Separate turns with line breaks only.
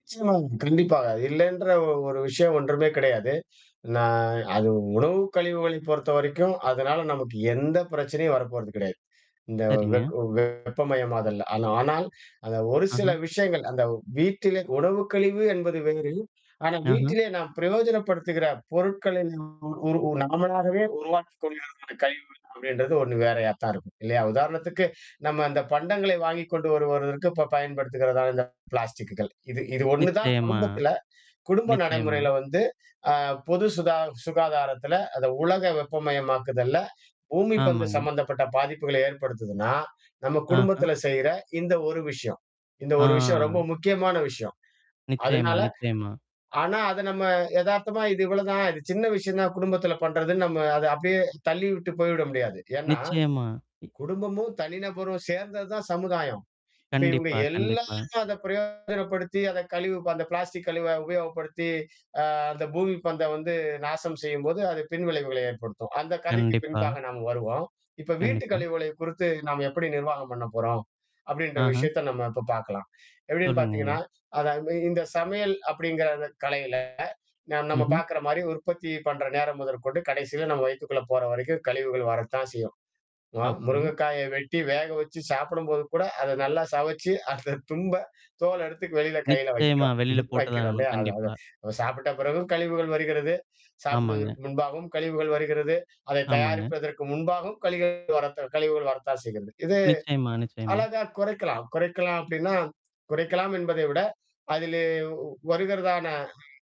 நிச்சயமா கண்டிப்பாக. இல்லன்ற ஒரு விஷயம் ஒன்றுமே கிடையாது. நான் அது உணவு கழிவுகளை பொறுத்தவரைக்கும், அதனால நமக்கு எந்த பிரச்சனையும் வரப்போறது கிடையாது. இந்த
சரிங்க.
வெக் வெப்பமயம் ஆதல். ஆனா ஆனால் அந்த ஒரு சில
அஹ.
விஷயங்கள், அந்த வீட்டிலே உணவுக்கழிவு என்பது வேறு. ஆனா
அஹ.
வீட்டிலேயே நாம் பிரயோஜனப்படுத்துகிற பொருட்களை ந ஒரு நாமாகவே உருவாக்கிக் கொள்கிறதான கழிவுகள். அப்படின்றது ஒண்ணு வேறையா தான் இருக்கும். இல்லையா? உதாரணத்துக்கு நம்ம அந்த பண்டங்களை வாங்கிக் கொண்டு வரு வருவதற்கு இப்ப பயன்படுத்துகிறதான இந்த பிளாஸ்டக்குகள். இது இது ஒண்ணு தான்
நிச்சயமா.
குடும்பத்தில, குடும்ப
நிச்சயமா.
நடைமுறையில வந்து அ பொது சுதா சுகாதாரத்தில, அத உலக வெப்பமயமாக்குதல்ல, பூமி பந்து
ஆமாங்க.
சம்மந்தப்பட்ட பாதிப்புகளை ஏற்படுத்துதுனா, நம்ம
ஆஹா.
குடும்பத்தில செய்ற இந்த ஒரு விஷயம் இந்த ஒரு விஷயம் ரொம்ப
ஆ.
முக்கியமான விஷயம்.
நிச்சயமா,
அதனால
நிச்சயமா.
ஆனா அத நம்ம எதார்த்தமா இது இவ்வளோதான் இது சின்ன விஷயம் தான் குடும்பத்தில பண்றதுன்னு நம்ம அத அப்படியே தள்ளி விட்டு போய்விட முடியாது. ஏன்னா
நிச்சயமா. இ
குடும்பமும், தனிநபரும் சேர்ந்தது தான் சமுதாயம். இப்ப இவுங்க
கண்டிப்பா, கண்டிப்பா.
எல்லாரும் அத பிரயோகப்படுத்தி அத கழிவு அந்த பிளாஸ்டிக் கழிவ உபயோகப்படுத்தி, அ அந்த பூமி பந்த வந்து நாசம் செய்யும்போது அது பின்விளைவுகளை ஏற்படுத்தும். அந்த கதைக்கு
கண்டிப்பா.
பின்பாக நாம வருவோம். இப்ப வீட்டு
கண்டிப்பா.
கழிவுகளை குறித்து நாம எப்படி நிர்வாகம் பண்ண போறோம்? அப்படின்ற
அஹ.
விஷயத்த நம்ம இப்ப பார்க்கலாம். எப்படின்னு
சொல்லுங்க நீங்க.
பார்த்தீங்கன்னா, அத அந்த இந்த சமையல் அப்படிங்கிற கலையில ந நம்ம
ம்ஹ்ம்.
பார்க்கற மாரி உற்பத்தி பண்ற நேரம் முதற்கொண்டு கடைசியில நம்ம வயக்குக்குள்ள போற வரைக்கும் கழிவுகள் வரத்தான் செய்யும். ம
ஓகே.
முருங்கைக்காய வெட்டி வேக வச்சு சாப்பிடும்போது கூட அத நல்லா சுவச்சி அ திரும்ப தோள்ல எடுத்து வெளில கையில
நிச்சயமா.
வைக்கிறோம்.
வெளியில போட்டு தான்
வைக்கிறோம்
ஆகணும்.
இல்லையா? அத
கண்டிப்பா.
அத சாப்பிட்ட பிறகும் கழிவுகள் வருகிறது.
ஆமாங்க.
சாப்பிடுவதற்கு முன்பாகவும் கழிவுகள் வருகிறது. அதை
ஆமாங்க.
தயாரிப்பதற்கு முன்பாகவும் கழிவுகள் வரத்த கழிவுகள் வரத்தான் செய்கிறது. இது
நிச்சயமா, நிச்சயமா.
அழகா குறைக்கலாம், குறைக்கலாம் அப்டின்னா. குறைக்கலாம் என்பதை விட, அதிலே வருகிறதான